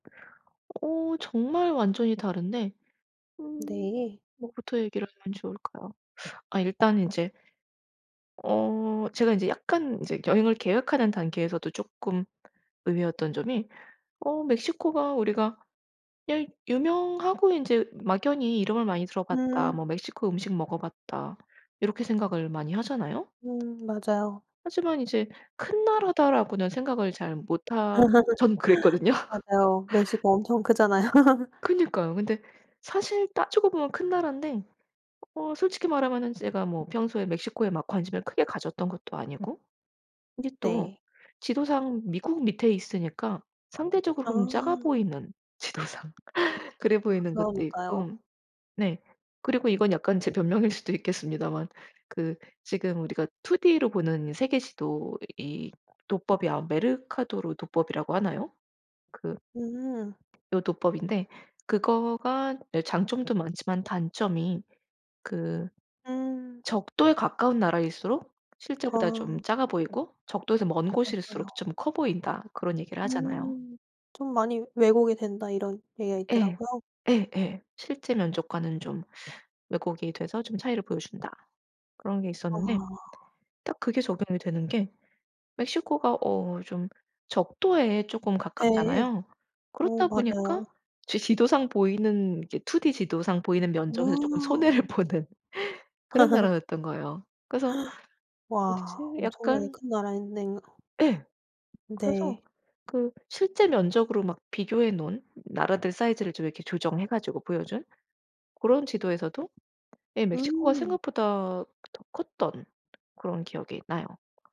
어 정말 완전히 다른데 음. 네. 뭐부터 얘기를 하면 좋을까요? 아 일단 인제 어. 제가 인제 약간 인제 여행을 계획하는 단계에서도 쪼끔 의외였던 점이 어 '멕시코가 우리가 일 유명하고 인제 막연히 이름을 많이 들어 봤다. 음. 뭐 멕시코 음식 먹어 봤다.' 이렇게 생각을 많이 하잖아요. 음 맞아요. 하지만 이제 '큰 나라다.'라고는 생각을 잘 못하 저는 그랬거든요. 맞아요. 멕시코 엄청 크잖아요. 그니까요. 근데 사실 따지고 보면 큰 나라인데 어 솔직히 말하면은 제가 뭐 평소에 멕시코에 막 관심을 크게 가졌던 것도 아니고, 근데 또 네. 지도상 미국 밑에 있으니까 상대적으로는 작아 아. 보이는, 지도상 그래 보이는 것도 그러니까요. 있고 네. 그리고 이건 약간 제 변명일 수도 있겠습니다만 그 지금 우리가 2 D로 보는 세계 지도 이 도법이 아마 메르카토르 도법이라고 하나요? 그 음. 요 도법인데 그거가 예. 장점도 많지만 단점이 그 음. '적도에 가까운 나라일수록 실제보다 아. 좀 작아 보이고 적도에서 먼 곳일수록 맞아요. 좀 커 보인다.' 그런 얘기를 하잖아요. 음. '좀 많이 왜곡이 된다.' 이런 얘기가 예. 있더라고요. 예예. '실제 면적과는 좀 왜곡이 돼서 좀 차이를 보여 준다.' 그런 게 있었는데 아. 딱 그게 적용이 되는 게 멕시코가 어 좀 적도에 쪼금 네. 가깝잖아요. 어, 그렇다 맞아요. 보니까 제 지도상 보이는 이게 2 D 지도상 보이는 면적에서 조금 어. 손해를 보는 그런 나라였던 거예요. 그래서 와 어디지 엄청나게 약간 큰 나라였네요. 예. 그래서 네. 그 실제 면적으로 막 비교해 놓은 나라들 사이즈를 좀 이렇게 조정해 가지고 보여 준 그런 지도에서도 예 멕시코가 음. 생각보다 더 컸던 그런 기억이 나요.